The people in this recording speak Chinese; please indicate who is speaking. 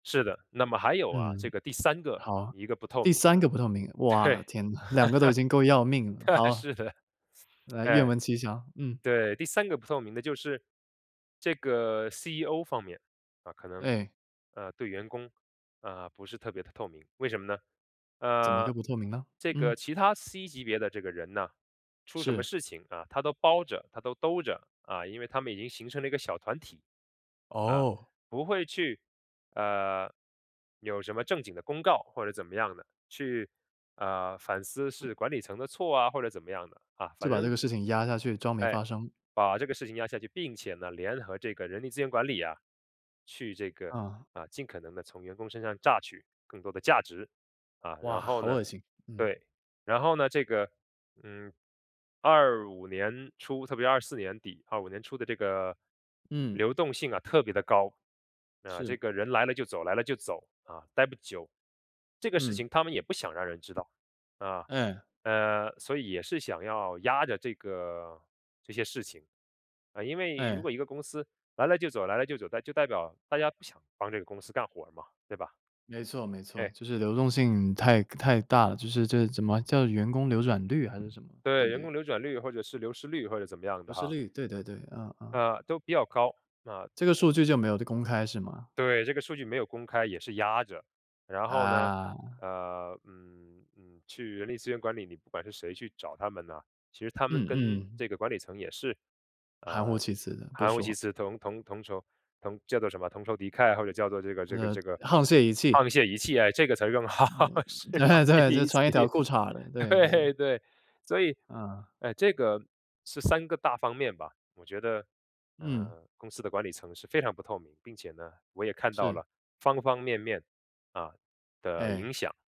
Speaker 1: 是的。那么还有啊，这
Speaker 2: 嗯，
Speaker 1: 个第三个，
Speaker 2: 好，
Speaker 1: 一个不透
Speaker 2: 第
Speaker 1: 明
Speaker 2: 三
Speaker 1: 的
Speaker 2: 个不透明。
Speaker 1: 对，
Speaker 2: 哇，天呐，2个都已经够要命了，
Speaker 1: 对啊，
Speaker 2: 好。
Speaker 1: 是的。
Speaker 2: 来，愿
Speaker 1: 诶，
Speaker 2: 闻其详，嗯。
Speaker 1: 对。第三个不透明的就是，这个 CEO 方面，啊，可能，
Speaker 2: 哎。
Speaker 1: 呃，对员工，呃，不是特别地透明，为什么呢？
Speaker 2: 怎么
Speaker 1: 呃，
Speaker 2: 个不透明呢？
Speaker 1: 这个
Speaker 2: 嗯。
Speaker 1: 其他 C 级别的这个人呢，出什么
Speaker 2: 是。
Speaker 1: 事情啊，他都包着他都兜着，啊。因为他们已经形成了一个小团体，啊，
Speaker 2: 哦。
Speaker 1: 不会去，呃，有什么正经的公告，或者怎么样的，去，呃，反思
Speaker 2: 嗯。
Speaker 1: 是管理层的错啊，或者怎么样的。啊，
Speaker 2: 就
Speaker 1: 反
Speaker 2: 把这
Speaker 1: 正
Speaker 2: 个事情压下去，装没
Speaker 1: 哎，
Speaker 2: 发生。
Speaker 1: 把这个事情压下去。并且呢，联合这个人力资源管理啊，去这个，
Speaker 2: 嗯。
Speaker 1: 啊，尽可能地从员工身上榨取更多的价值。啊，
Speaker 2: 哇，
Speaker 1: 然后
Speaker 2: 好
Speaker 1: 呢
Speaker 2: 恶心。嗯。
Speaker 1: 对，然后呢，这个，嗯，25年初，特别24年底，25年初的这个，
Speaker 2: 嗯。
Speaker 1: 流动性啊特别地高，呃，这
Speaker 2: 是。
Speaker 1: 个人来了就走来了就走，啊，呆不久。这个事
Speaker 2: 嗯。
Speaker 1: 情他们也不想让人知道，啊，
Speaker 2: 哎。
Speaker 1: 呃，所以也是想要压着这个这些事情。呃，因为如果
Speaker 2: 哎。
Speaker 1: 一个公司来了就走来了就走，那就代表大家不想帮这个公司干活儿嘛，对吧。
Speaker 2: 没错没错，
Speaker 1: 哎。
Speaker 2: 就是流动性太太大了，就是这怎么叫"员工流转率"还是什么，对
Speaker 1: 对，
Speaker 2: 不
Speaker 1: 员
Speaker 2: 对？
Speaker 1: 工流转率或者是流失率，或者怎么样
Speaker 2: 流
Speaker 1: 的
Speaker 2: 失
Speaker 1: 哈。
Speaker 2: 率，对对对，嗯嗯。
Speaker 1: 呃，都比较高，啊。
Speaker 2: 这个数据就没有的公开是吗？
Speaker 1: 对，这个数据没有公开也是压着。然后呢，
Speaker 2: 啊。
Speaker 1: 呃嗯，嗯，去人力资源管理，你不管是谁去找他们呐，其实他们
Speaker 2: 嗯
Speaker 1: 跟
Speaker 2: 嗯。
Speaker 1: 这个管理层也是，
Speaker 2: 含糊
Speaker 1: 呃，
Speaker 2: 其辞的，不
Speaker 1: 含糊其
Speaker 2: 说。
Speaker 1: 辞，同同同仇同这个叫什么同仇敌忾，或者叫做这个这个
Speaker 2: 呃
Speaker 1: 这个
Speaker 2: 沆瀣一气。
Speaker 1: 沆瀣一气，诶，这个词儿用得好，
Speaker 2: 呃，
Speaker 1: 是，沆
Speaker 2: 对啊对，
Speaker 1: 瀣
Speaker 2: 就
Speaker 1: 一气，
Speaker 2: 穿一条裤衩儿的，对对。
Speaker 1: 对对。所以，
Speaker 2: 嗯。
Speaker 1: 哎，这个是3个大方面吧。我觉得，
Speaker 2: 嗯。
Speaker 1: 呃，公司的管理层是非常不透明，并且呢，我也看到
Speaker 2: 是。
Speaker 1: 了方方面面，啊，的影
Speaker 2: 哎。
Speaker 1: 响。